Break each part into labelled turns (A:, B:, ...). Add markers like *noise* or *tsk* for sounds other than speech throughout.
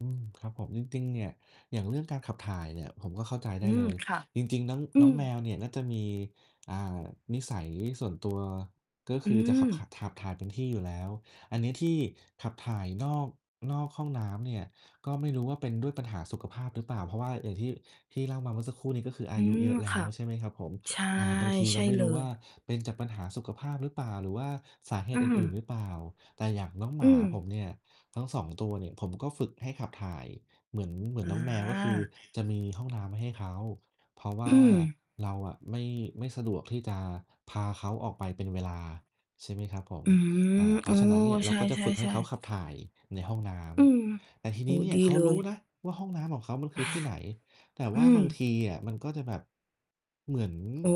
A: อืม ครับผม จริง ๆ เนี่ย อย่างเรื่องการขับถ่ายเนี่ยผมก็เข้าใจไ
B: อ
A: ด
B: ื
A: ้เล
B: ม
A: ย
B: ค่ะ
A: จริง ๆ น้อง
B: อื
A: น้อ
B: ม
A: งแมวเนี่ยน่าจะมี อ่า นิสัยส่วนตัวก็
B: อ
A: ค
B: ื
A: ือจะขับ ข ข
B: ม
A: ับถ่ายเป็นที่อยู่แล้ว อันนี้ที่ขับถ่ายนอก นอกห้องน้ำเนี่ยก็ไม่รู้ว่าเป็นด้วยปัญหาสุขภาพหรือเปล่า เพราะว่าอย่างที่ ที่เล่ามาเมื่อสักครู่นี้ก็คืออ
B: อ
A: า
B: ื
A: ยุเย
B: ม
A: อะแล
B: ค
A: ้
B: ่
A: ว
B: ะ
A: ใช่ไหมครับผม?
B: ใช่
A: อ่า บางที
B: ใ
A: เ
B: ช
A: รา
B: ่
A: ไม่
B: เล
A: รู้ว่
B: ย
A: าเป็นจากปัญหาสุขภาพ หรือเปล่า หรือว่าสาเห
B: อื
A: ตุอื่น ๆ ห
B: ม
A: รือเปล่า แต่อย่างน้องห
B: อ
A: ม
B: ื
A: าผม
B: ม
A: เนี่ยทั้ง 2 ตัวเนี่ย ผมก็ฝึกให้ขับถ่ายเหมือน เหมือน
B: อ
A: น
B: า
A: ้องแมว ก็คือจะมีห้องน้ำให้เขา เพราะว
B: อ
A: ่
B: ื
A: า
B: ม
A: เราอะไม่ ไม่สะดวกที่จะพาเขาออกไปเป็นเวลา ใช่ไหมครับผม
B: อื
A: อ
B: ม
A: า เพ
B: เ
A: ร
B: อ
A: า
B: อ
A: ะฉะนั้นเนี่ย เร
B: ใ
A: า
B: ช
A: ก็จะฝึกให้เ
B: ่
A: ขาขับ
B: ๆ
A: ถ่ายในห้องน้
B: ๆ อืม
A: ำ แต่ที
B: โอ
A: น
B: ้
A: ี้
B: โฮ
A: เนี่
B: ด
A: ย
B: ี
A: เขา
B: เล
A: รู
B: ย
A: ้นะว่าห้องน้ำของเขามันคือที่ไหน แต่ว
B: อื
A: ่าบาง
B: ม
A: ทีอะมันก็จะแบบ เหมือน
B: เออ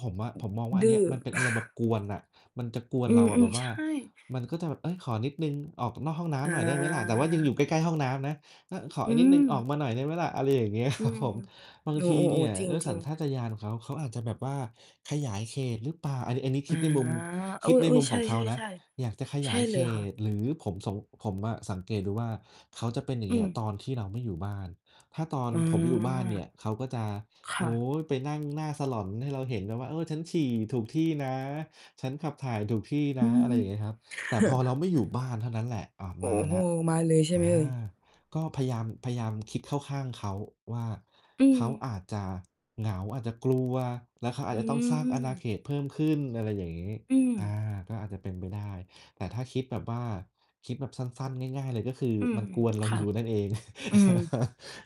A: ผมอะ ผมมองว่าอ
B: ด
A: ันเ
B: ื
A: นี
B: ้
A: ้
B: อ
A: ยมันเป็นอารมณ์แบบกวนอะ มันจะกวน
B: อื
A: เราอะ แบ
B: อ
A: บ
B: ๆ
A: ว
B: ใ
A: ่
B: ช
A: า
B: ่
A: มันก็จะแบบ "เฮ้ย ขอนิดหนึ่ง ออกนอกห้องน้
B: อ
A: ำหน่อยได้ไหมล่ะ?" แต่ว่ายังอย
B: า
A: ู่ใกล้ ๆ ห้องน้ำนะ "อา ขอ
B: อ
A: อ
B: ื
A: ีกนิดหนึ่ง ออ
B: ม
A: กมาหน่อยได้ไหมล่ะ" อะไรอย่างเงี้ย
B: อื
A: ครับ
B: ม
A: ผม บาง
B: อ๋
A: ทีเน
B: อ
A: ี่ย
B: ๆ ๆ จ
A: ด้วยส
B: ริ
A: ัญ
B: ง
A: ช
B: ๆ
A: าตญาณของเขา เขาอาจจะแบบว่าขยายเขต หรือเปล่า อันนี้ อันนี้
B: อ
A: ค
B: า
A: ิดในมุม
B: เ
A: ค
B: อ
A: ิดใน
B: อ
A: มุม
B: ๆ ใช
A: ขอ
B: ่ ๆ
A: งเขานะ อยากจะข
B: ๆ ใ
A: ย
B: ช
A: า
B: ่
A: ยเ
B: เล
A: ข
B: ยค่
A: ต
B: ะ
A: หรือผมสง ผมอะสังเกตดูว่า เขาจะเป็นอย่า
B: อื
A: งเงี้ยต
B: ม
A: อนที่เราไม่อยู่บ้าน ถ้าตอน
B: อื
A: ผม
B: ม
A: อยู่บ้านเนี่ยเขาก็จะ
B: ค
A: โ
B: ่
A: อ้
B: ะ
A: ไปนั่งหน้าสลอนให้เราเห็นนะว่า เอ่อ "ฉันฉี่ถูกที่นะ ฉันขับถ่ายถูกที่น
B: อ
A: ะ"
B: ื
A: อะไรอย่างเงี้ยครั
B: ม
A: บ แต่พอเรา
B: *chuckles*
A: ไม่อยู่บ้านเท่านั้นแหละ อ้าว
B: โอ้
A: มา
B: โ
A: แ
B: ฮ
A: ล้ว
B: มาเลยใช่
A: อ
B: ไหม
A: า
B: เอ่ย?
A: ก็พยายาม พยายามคิดเข้าข้างเขาว่า
B: อื
A: เขา
B: ม
A: อาจจะเหงา อาจจะกลัว แล้วเขาอ
B: อ
A: า
B: ื
A: จจะต้องสร้างอาณา
B: ม
A: เขตเพิ่มขึ้น อะไรอย่างงี้
B: อื
A: อา
B: ม
A: ก็อาจจะเป็นไปได้ แต่ถ้าคิดแบบว่า คิดแบบสั้น ๆ ง่าย ๆ เลยก็คือ
B: อืม
A: มันกวนเรา
B: ค่
A: อย
B: ะ
A: ู่ นั่นเอง
B: อืม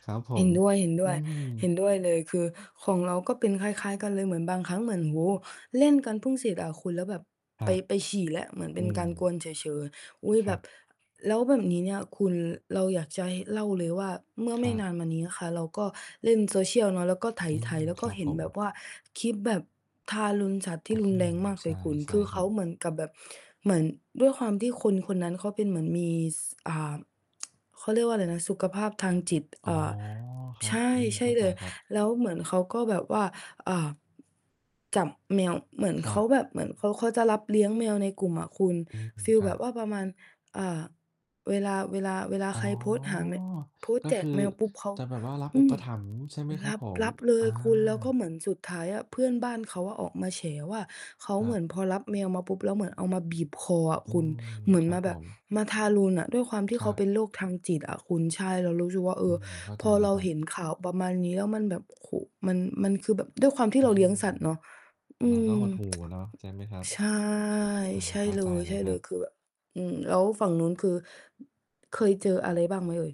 A: *laughs* ครับผ
B: เห็
A: ม
B: นด้วย ๆ เห็นด
A: อืม
B: ้วยเลย คือของเราก็เป็นคล้าย ๆ กันเลย เหมือนบางครั้งเหมือน โอ้
A: อืม
B: เล่นกันพึ่งเสร็จอะคุณ แล้วแบบ
A: คร
B: ไ
A: ั
B: ป
A: บ
B: ไปฉี่แล้ว เหมือนเ
A: อ
B: ป
A: ื
B: ็นก
A: ม
B: ารกวนเฉย ๆ อุ๊ย
A: ค
B: แ
A: ร
B: บ
A: ั
B: บ
A: บ
B: แล้วแบบนี้เนี่ยคุณ เราอยากจะเล่าเลยว่า เมื่อ
A: ค
B: ไม
A: ร
B: ่
A: ั
B: น
A: บ
B: านมานี้ค่ะ เราก็เล่น social เนาะ แล้วก็ไ
A: อื
B: ถ
A: ม
B: ๆ
A: ค
B: ก็
A: รับ
B: เห็
A: ผ
B: นแบบ
A: ม
B: ว่าคลิปแบบทารุณสัตว์ท
A: อ
B: ี
A: ื
B: ่รุนแร
A: ม
B: งมาก
A: ใ
B: เล
A: ช่
B: ยคุณ
A: ใช
B: ค
A: ่
B: ือ
A: ค
B: เข
A: รั
B: า
A: บ
B: เหมือนกับแบบ เหมือนด้วยความที่คนคนนั้นเขาเป็นเหมือนมี ส อ่า *tsk* เขาเรียกว่าไรนะ สุขภาพทางจิต
A: อ
B: เ
A: ๋
B: อ
A: อ
B: ่อ
A: คร
B: ใ
A: ั
B: ช
A: บ
B: ่
A: อืม
B: ใช
A: เข
B: ่
A: ้าใ
B: เ
A: จ
B: ลย
A: ครับ
B: แล้วเหมือนเขาก็แบบว่า อ่า จับแมว เหมือน
A: คร
B: เข
A: ั
B: า
A: บ
B: แบบ เหมือนเขา เขาจะรับเลี้ยงแมวในกลุ่มอะคุณ
A: อืม
B: ฟีล
A: ครั
B: แบ
A: บ
B: บว่าประมาณ อ่า เวลา เวลา เวลา
A: อ๋
B: ใ
A: อ
B: ครโพสต์หาแม โพสต
A: ก
B: ์
A: ็
B: แจ
A: ค
B: ก
A: ือ
B: แมวปุ๊บ เขา
A: จะแบบว่ารับ
B: อ
A: อ
B: ื
A: ุป
B: อ
A: ถัมภ์ใช่ไหมค
B: ร
A: รับ
B: ับ
A: ผ
B: ร
A: ม?
B: ับเล
A: อ
B: ย
A: า
B: คุณ แล้วก็เหมือนสุดท้ายอะ เพื่อนบ้านเขาอะออกมาแฉว่า เขา
A: ค
B: เ
A: ร
B: ห
A: ั
B: มื
A: บ
B: อนพอรับแมวมาปุ๊บแล้วเหมือนเอามาบีบคออะ
A: อื
B: คุณ
A: ม
B: เหมือน
A: คร
B: ม
A: ับ
B: าแ
A: ผ
B: บบ
A: ม
B: มาทารุณอะ ด้วยความที่
A: ค
B: เ
A: ร
B: ขา
A: ั
B: เป
A: บ
B: ็นโรคทางจิตอะคุณ ใช่ เรารู้สึกว่า เอ
A: อื
B: อ
A: ม เข้า
B: พ
A: ใจ
B: อ
A: เล
B: เ
A: ย
B: รา
A: ครั
B: เห็
A: บ
B: นข่าวประมาณนี้แล้วมันแบบ โอ้โฮ มัน มันคือแบบ ด้วยความที่
A: อื
B: เราเลี้ยง
A: ม
B: สัตว์เนาะ อื
A: มันก็
B: ม
A: หดหู่
B: *tsk*
A: เนาะใช่ไหมครับ?
B: ใช่
A: อา
B: ใช่
A: เข้า
B: เล
A: ใจเลยครั
B: ย
A: บ
B: ๆ คือแบบ อืม แล้วฝั่งนู้นคือ เคยเจออะไรบ้างไหมเอ่ย?